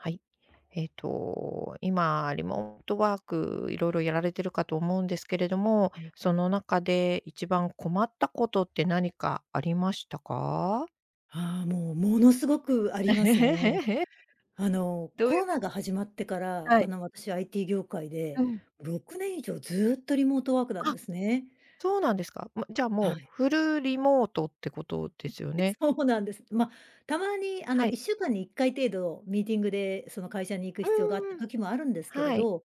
はい。ええと今リモートワークいろいろやられてるかと思うんですけれども、ええ。その中で一番困ったことって何かありましたか？ああ、もう、ものすごくありますね。あの、どうコいうロかナしが始まってから、はあい。の私 IT 業界うで、ん。6年以上ずっとリモートワークなんあ。ですね。そうなんですか。ま、じゃあはもう、い。フルリモートってことですよね？そうなんです。ま、たまにあはのいい。っしゅうかんに1回程度ミーティングでその会社に行く必要があったうん。時もあるんですけれはい。ど、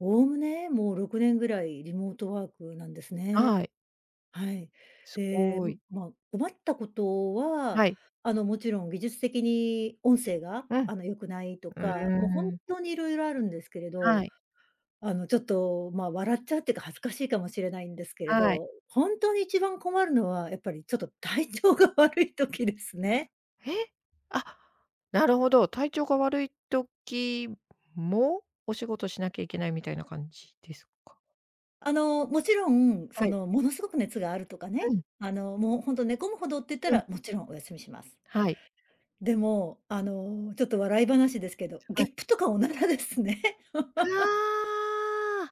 概ね、もう6年ぐらいリモートワークなんですはね。い。はい。すで、ごい。ま、困ったことは、はい。あの、もちろん技術的に音声がうん。あの良くないとうか、もう本ーん。当にいろいろあるんですけれはど。い。あの、ちょっとま、笑っちゃうっていうか恥ずかしいかもしれないんですけれはい。ど、本当に一番困るのはやっぱりちょっと体調が悪い時ですね。え、あ、なるほど、体調が悪い時も、お仕事しなきゃいけないみたいな感じですか？あの、もちろん、はそい。のものすごく熱があるとかうね、ん。あの、もうほんと寝込むほどって言ったうん。ら、もちろんお休みします。はい。でも、あの、ちょっと笑い話ですけど、はゲい。ップとかおならですね。ああ。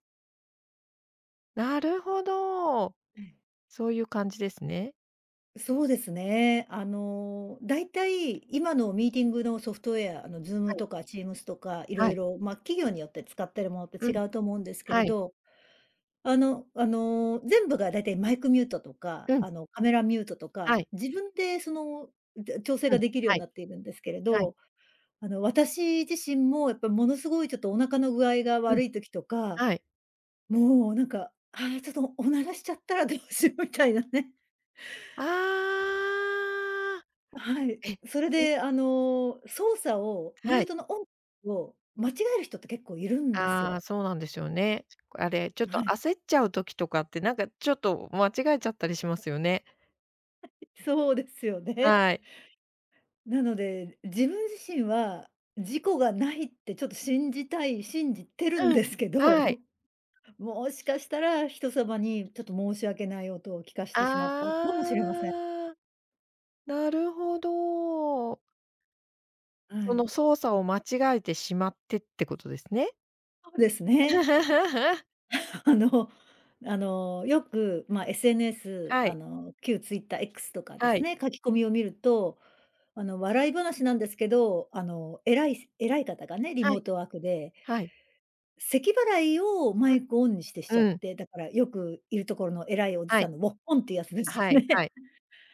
なるほど。ええ。そういう感じですね。そうですね。あの、大体今のミーティングのソフトウェア、あのは Zoom い。とか Teams とかいろはいい。ろま、企業によって使ってるものってう違ん。うと思うんですけれはい。ど。あのあの、全部が大体マイクミュートとかうん。あのカメラミュートとか、はい。自分でその、んで、調整うがん、できるようはにい。なっているんですけれはい。ど、あの私自身もやっぱものすごいちょっとお腹の具合がうん。悪い時とか、はい。もうなんか、あ、ちょっとおならしちゃったら、どうしようみたいなね。ああ。はい。え、それじであの、操作を、ミュはーい。トのオンオフを間違える人って結構いるんですああ、よ。そうなんですよね。あれ、ちょっとはい。焦っちゃう時とかってなんかちょっと間違えちゃったりしますよね。そうですよね。はい。なので、自分自身は、事故がないってちょっと信じたい信じてるんうん、ですけはい。ど。もしかしたら、人様にちょっと申し訳ない音を聞かせてしまったかあもしれません。あ。なるほど。はそのい。操作を間違えてしまって、ってことですね。そうですね。あ、あの、あの、よくま SNS はあい。の、旧ツイッター、X とかではすい。ね、書き込みを見ると、あの笑い話なんですけどあの、偉い偉い方がね、リはモーい。トワークで。はい。咳払いをマうイクオンにしてしちゃん。っうん。て。だからよくいるところの偉いおじはさい。んの「ウッホン」っていうやつですよはいはね。い。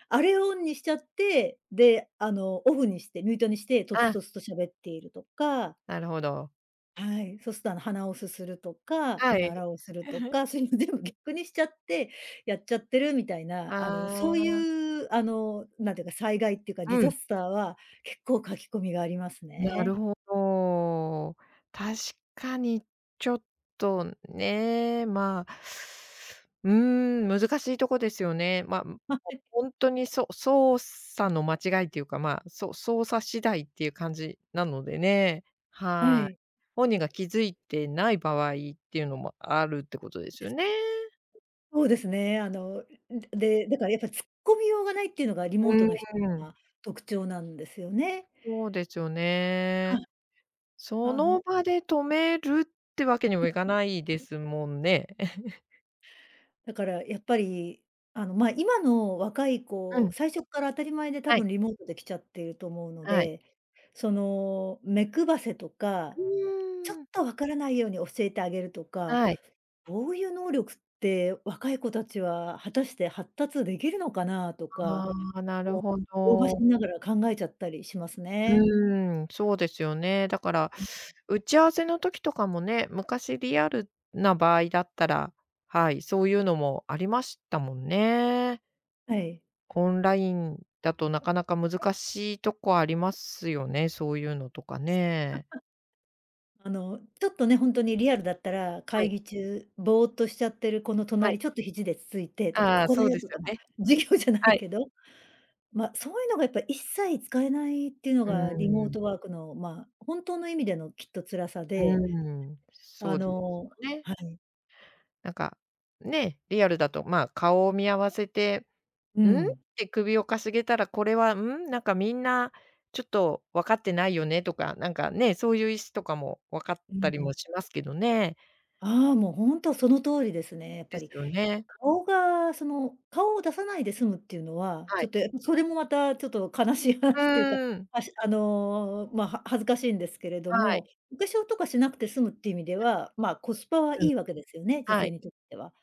あれをオンにしちゃって、で、あの、オフにして、ミュートにして、とつあ。とつと喋っているとか。なるほど。はい。そうするとあの、鼻をすするとか、おはい。ならをすると か、そういうの全部逆にしちゃって、やっちゃってるみたいな、あの、そういああうあの、なんていうか、災害っていうかディうザん。スターは、結構書き込みがありますなるね。ほど。確かに、ちょっとね、ま、うーん、難しいとこですよね。ま、はい。本当にそ操作の間違いっていうか、ま、そ操作次第っていう感じなのでね。ははい。い。本人が気付いてない場合っていうのもあるってことですよね。そうですね。あの、で、だからやっぱ突っ込みようがないっていうのがリモートうの人ーん。が特徴なんですよね。そうですよはね。い。そあのの。場で止めるってわけにうもいかないでん、すもんね。だからやっぱりあの、ま、今の若いう子、ん。最初っから当たり前で多はい。分リモートで来ちゃっていると思うのはい。で、その、目配せとか、うちょっーん。と分からないように教えてあげるとか、はい。こういう能力って若い子たちは果たして発達できるのかなとか、ああ、なるもう。ほ老婆ど。心ながら考えちゃったりしますうね。ーん、そうですよね。だからうん。打ち合わせの時とかもね、昔リアルな場合だったら、はい、そういうのもありましたもんね。はい。オンラインだとなかなか難しいとこありますよね、そういうのとかね。あの、ちょっとね、本当にリアルだったら、は会い。議中ぼーっとしちゃってる子のはい。隣ちょっと肘でつついてとか、あ「こあ、こだそうよ」ですとかよま、ね。授業じゃなはいい。けど、ま、そういうのがやっぱり一切使えないっていうのうがリーモーん。トワークのまあ、本当の意味でのきっと辛さうで。ーん、あそうですのよね。はい。なんか、ね、リアルだとまあ、顔を見合わせて、うん？ん。て首を傾げたら、これは、ん？なんかみんな、ちょっと分かってないよねとか、なんかね、そういう意思とかも分かっうたりもん。しますけどね。ああ、もう本当その通りですね、やっぱですり。よね。顔がその、顔を出さないで済むっていうのは、ちはょい。っとやっぱそれもまたちょっと悲しいう話っていうか、ーん。あしあの、ま、は恥ずかしいんですけれどはい。も、お化粧とかしなくて済むっていう意味ではまあ、コスパはういん。い訳ですよね、女は性い。にとっては。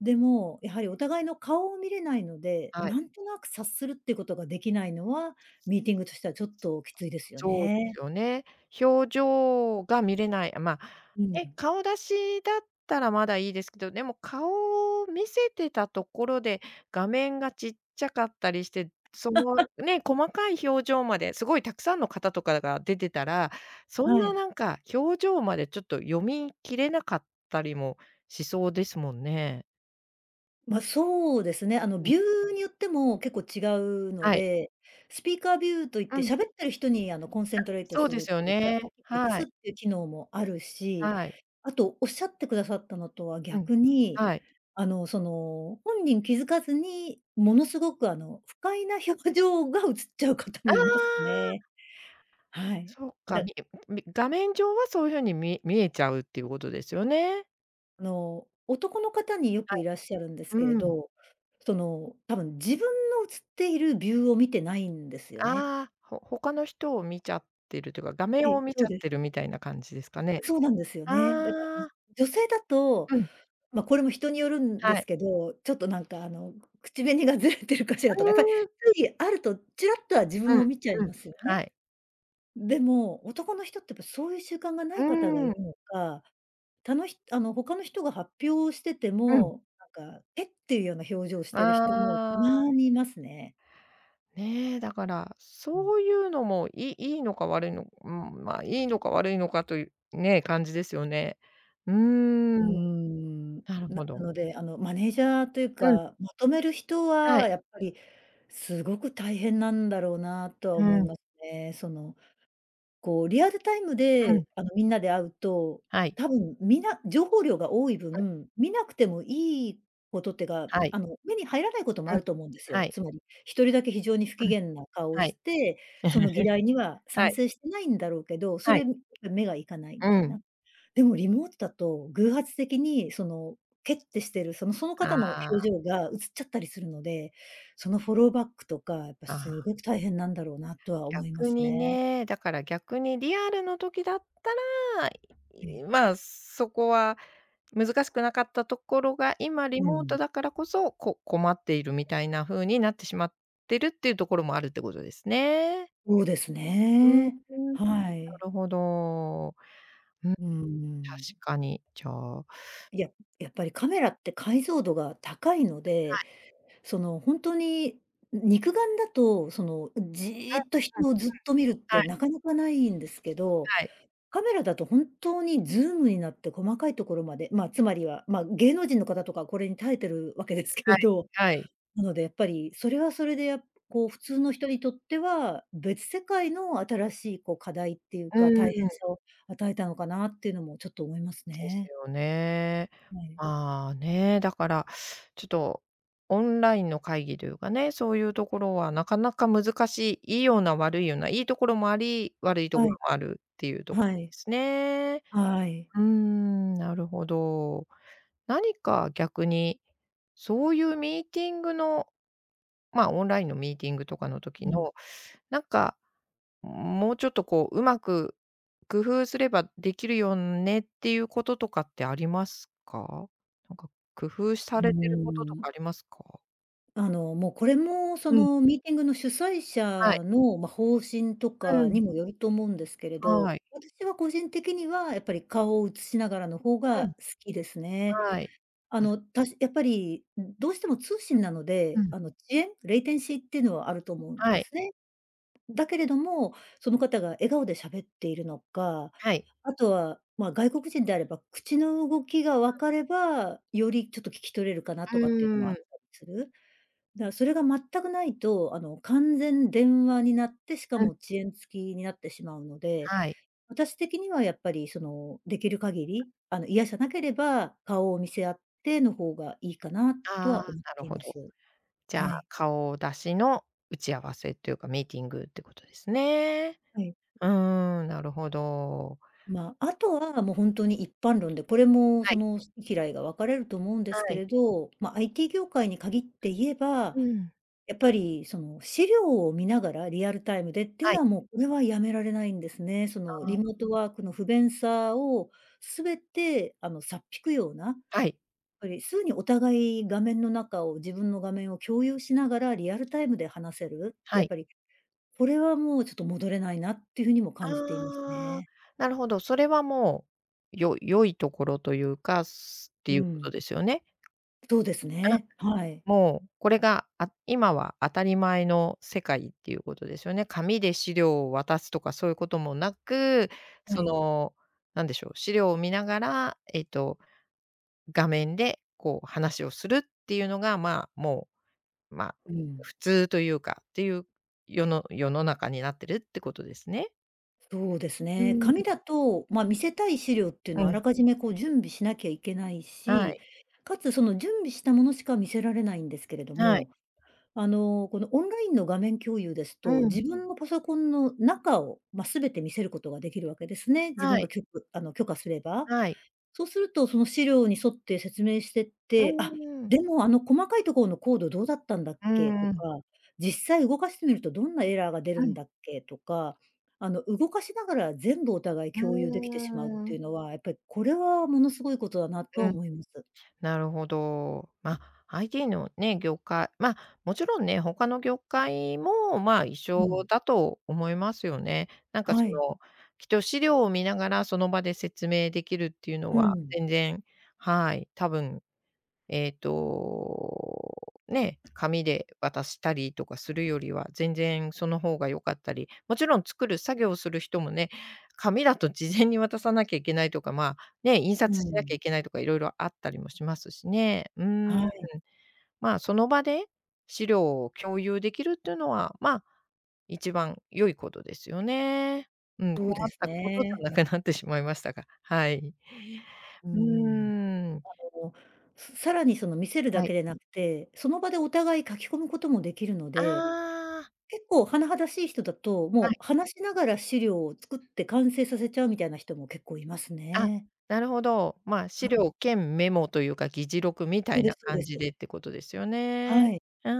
でも、やはりお互いの顔を見れないので、はい。なんとなく察するっていうことができないのは、ミーティングとしてはちょっときついですよそうですね。よね。表情が見れない、ま、うえ、ん。顔出しだったらまだいいですけど、でも顔を見せてたところで、画面が小っちゃかったりして、その ね、細かい表情まですごいたくさんの方とかが出てたら、そんはない。なんか表情までちょっと読み切れなかったりもしそうですもんね。まあ、そうですね、あのうん。ビューによっても結構違うのはい。で、スピーカービューと言っうてん。喋ってる人にあの、コンセあ、ントレートそうすでるっすよていうか、ね。大きく映はすっい。ていう機能もあるし、はい。あと仰ってくださったのとはうん。逆に、はい。あの、その、本人気づかずに、ものすごくあの、不快な表情が映っちゃう方あもいますあ。ね。はい。そっか、だみみ画面上はそういう風にみ見えちゃうっていうことですよね。あの、男の方によはくいい。らっしゃるんですけれうーん。ど、その、多分自分の映っているビューを見てないんですよね。ああ、ほ他の人を見ちゃってるというか、画は面い、を見そちうゃっです。てるみたいな感じですかね。そうなんですよあね。だか、ん、あ。女性だと、うん。ま、これも人によるんはですい。けど、ちょっとなんかあの、口紅がずれてるかしらうとか、かいきーん。ゅうぎあるとちらっとは自分うん、を見ちゃいうん、ますよはね。い。でも、男の人ってやっぱそういう習慣が無うい方がいーん。るのか、たのひあの他の人が発表しててうん。も、なんか、えっ？ていうような表情をしてる人もあたあ。まにいますね。ね、だから、うん。そういうのも、い良いのか悪いのうん、ま、良いのか悪いのかという、ね、感じですよね。うーうーん。ん。なるなほなど。ので、あの、マネージャーといううん。か、まとめる人ははい。やっぱり凄く大変なんだろうなとはう思いん。ますね。その、こうリアルタイムうでん。あの、みんなで会うと、はい。多分皆情報量が多いはい。分、見なくてもいいことってか、はい。あの目に入らないこともうあん、ると思うんですはよ。い。つまり、1人だけ非常に不機うん。嫌な顔をはしいて、その議題に はは賛い。成してないんだろうけど、そはれい。に目がいかないみうたいん。な。でもリモートだと偶発的にそのケッてしてる、そのその方あの表あ。情が映ちゃったりするので、そのフォローバックとかやっぱあ凄くあ。大変なんだろうなとは思いま逆すにね。ね、だから逆にリアルの時だったら、ええ。いま、そこは難しくなかったところが、今リうモーん。トだからこそ、こ困っているみたいな風になってしまってるっていうところもあるってことですね。そうですふーね、ん。なはい。るほど。うん。確うん。かに。じゃあいや、やっぱりカメラって解像度が高いのはで、い。その、ほんとに、ん、肉眼だとその、ん、じっとうん、うん、う人ん。をずっと見るっはてい。なかなかないんですけど、はい。カメラだと本当にズームになって細かいところまでまあ、つまりは、ま、芸能人の方とかはこれに耐えてる訳ですけはれい、ど。はい。なので、やっぱりそれはそれで、やこう普通の人にとっては、別世界の新しいこう課題っていううか、ん。大変さを与えたのかなっていうのもちょっと思いますですね。よね。はい。まあ、ね、だからちょっと、オンラインの会議というかね、そういうところは中々難しい、良いような悪いような、良いところもあり、悪いとこはろい。もあるっていうとこではい。すね。はい。うーん、なるほど。何か逆に、そういうミーティングの、ま、オンラインのミーティングとかのう時ん。の、なんか、もうちょっとこう上手く工夫すればできるよねっていうこととかってありますか？なんか工夫うさーれてることとん。かありますか？あの、もうこれもそうん。の、ミーティングの主催はい。者の、ま、方針とうかん。にもよると思うんですけれはど、い。私は個人的にはやっぱり顔を映しながらの方うがん。好きですね。はい。ああ。の、たしやっぱり、うん、どうしても通信なのうで、ん。あの、遅延、レイテンシーっていうのはあると思うんはでい。すね。だけれども、その方が笑顔で喋っているのか、はい。あとは、ま、外国人であれば口の動きがう分ん。かれば、よりちょっと聞き取れるかなうとかっていうのもーあっん。たする。だ、それが全くないと、あの、完全電話になって、しかうん。も遅延付きになってしまうので、はい。私的にはやっぱりその、出来る限がり、あの、嫌じゃなければ、顔を見せ合っての方がいいかなとああ、は思っなるていほまど。す。じゃはあ、い。顔出しの打ち合わせっていうか、ミーティングってことですね。はい。ううーん、なるほど。ま、あとはもうほんとに一般論で、これもはそい。の好嫌いが分かれると思うんですはけい。れど、ま、IT 業界に限って言えば、うん。やっぱりその資料を見ながら、リアルタイムでっていうはのい。はもうこれはやめられないんですね。そあの、リモーあ。トワークの不便さを全てあの、差っ引くような、はい。ぱりすぐにお互い画面の中を、自分の画面を共有しながらリアルタイムで話せる。はやっい。ぱり、これはもうちょっと戻れないなっていう風にも感じていますああ、ね。なるほど、それはもう、よ良いところというか、すうていうことん。ですよね？とうですあ、ね、はい。もう、これが、あ、今は当たり前の世界っていうことですよね。紙で資料を渡すとかそういうこともなく、はそい。の、何でしょう、資料を見ながら、えっと、画面でこう話をするっていうのが、ま、もう、ま、ううん、ん。普通というか、っていう、世の世の中になってるってことですね。そうですうーね、ん紙だと、まあ、見せたい資料っていううのはあん。らかじめこう準備しなきゃいけないはし、い。且つその準備したものしか見せられないんですけれどはいも、あの、このオンラインの画面共有ですうと、ん。自分のパソコンの中を、ま、全て見せることが出来るわけですね。自分はがい。きょくあの許可すれば、はい。そうすると、その資料に沿って説明してっうて、んう「あっ、んうん。でもあの細かいところのコードどうだったんだっうーけ？」とん。か、「実際動かしてみるとどんなエラーが出るうんん。だっけ？」とか、あの動かしながら全部お互いうー共有できてしまうっていん。うのは、やっぱりこれはものすごいことだなとはうん。思います。なるほど。まあ、ITのね、業界まあ、もちろんね、他の業界もまあ、一う緒ん。だと思いますよね。なんかはそい。の、きっと資料を見ながらその場で説明できるっていうのうはん。全然、はい、たぶんえっと、ね、紙で渡したりとかするよりは、全然その方が良かったり、もちろん作る作業をする人もね、紙だと事前に渡さなきゃいけないとか、まあ、ね、印う刷しなきゃん。いけないとか、色々あったりもしますしね。うーはん。い。まあ、その場で、資料を共有できるっていうのは、まあ、一番良いことですよね。うん、困どうでっすたことじね。ゃなくなってしまいましたがはい。ううんうん。ーん。あの、ささらにその見せるだはい。けでなくて、その場でお互い書き込むこともできるので、ああ。結構甚だしい人だと、はもい。う話しながら資料を作って完成させちゃうみたいな人も結構いますあ、ね。なるほど。まあ、は資い。料兼メモというか、議事録みたそういでなすそうで感じす。でってことですよね。はい。うー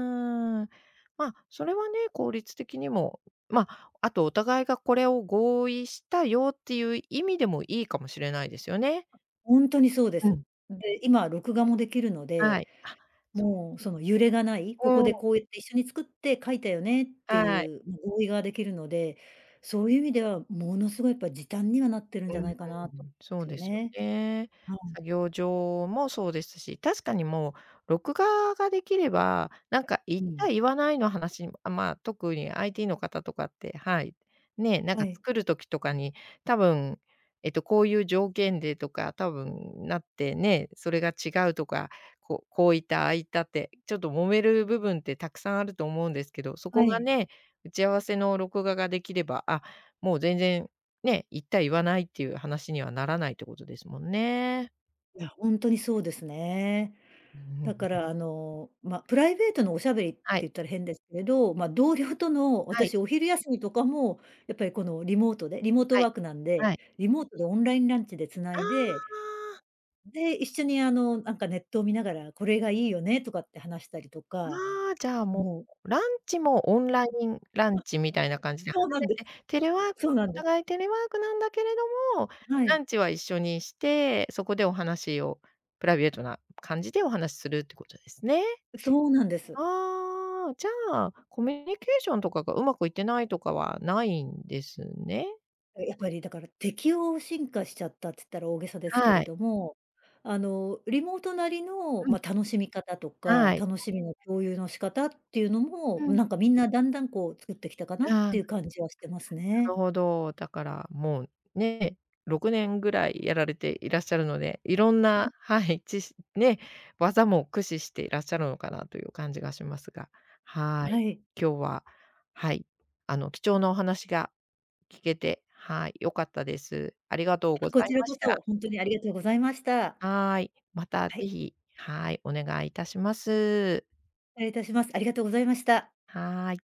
ん。まあ、それはね、効率的にも、まあ、あとお互いがこれを合意したよっていう意味でもいいかもしれないですよね。ほんとにそうでうす。ん。で、今録画もできるのはで、い。あ、そう。もうその揺れがない、ここうん。でこうやって一緒に作って書いたよねってあい。いう合意ができるので、そういう意味ではものすごいやっぱ時短にはなってるんうじゃなん、いかなとそうすよですよね。ね。はい。作業上もそうですし、確かにもう、録画ができれば、なんか言っうたん。言わないの話、あ、まあ、特にITの方とかって、はい。ね、なんはかい。作る時とかに、多分、えっと、こういう条件でとか、多分なってね、それが違うとか、こうこう言った、ああ言ったって、ちょっと揉める部分って沢山あると思うんですけど、そはこがい。ね、打ち合わせの録画ができれば、あっ、もう全然、ね、言った言わないっていう話にはならないってことですもんね。いや、ほんとにそうですね。うだかんらあの、まあ、プライベートのお喋りってはい。言ったら変ですけど、まあ、同僚との、はい。私お昼休みとかも、やっぱりこのリモートでリモートはワい、ークなんで、はい。リモートでオンラインランチで繋あいで、あ。で、一緒にあの、なんかネットを見ながら、「これがいいよね」とかって話したりとか、ああ、じゃあももう。ランチもオンラあ。インランチみたいな感じで離そうなんでれてテレワークはす、そうなおんです。互いテレワークなんだけれども、はラい。ンチは一緒にして、そこでお話をプライベートな感じでお話しするっていうことですね。そうなんです。ああ、じゃあ、コミュニケーションとかが上手くいってないとかはないんですね。え、やっぱりだから適応進化しちゃったっつったら大げさですけはれい。ども、あのリモートなりの、うん。ま、楽しみ方とか、はい楽しみの共有の仕方っていうのも、うん。なんか、みんなだんだんこう作ってきたかなうっあ。てないう感じはしてまするね。ほど、だからもう、ね、6年ぐらいやられていらっしゃるので、いろんうな、ん。はい、知識ね、技も駆使していらっしゃるのかなという感じがしますが。はい。はい。今日は、はい、あの貴重なお話が聞けて、はい、良かったです。ありがとうごこざいちらまこした。そ、ほんとにありがとうございました。はい。または是い。非、はい、お願い致します。礼いたします。ありがとうございました。はい。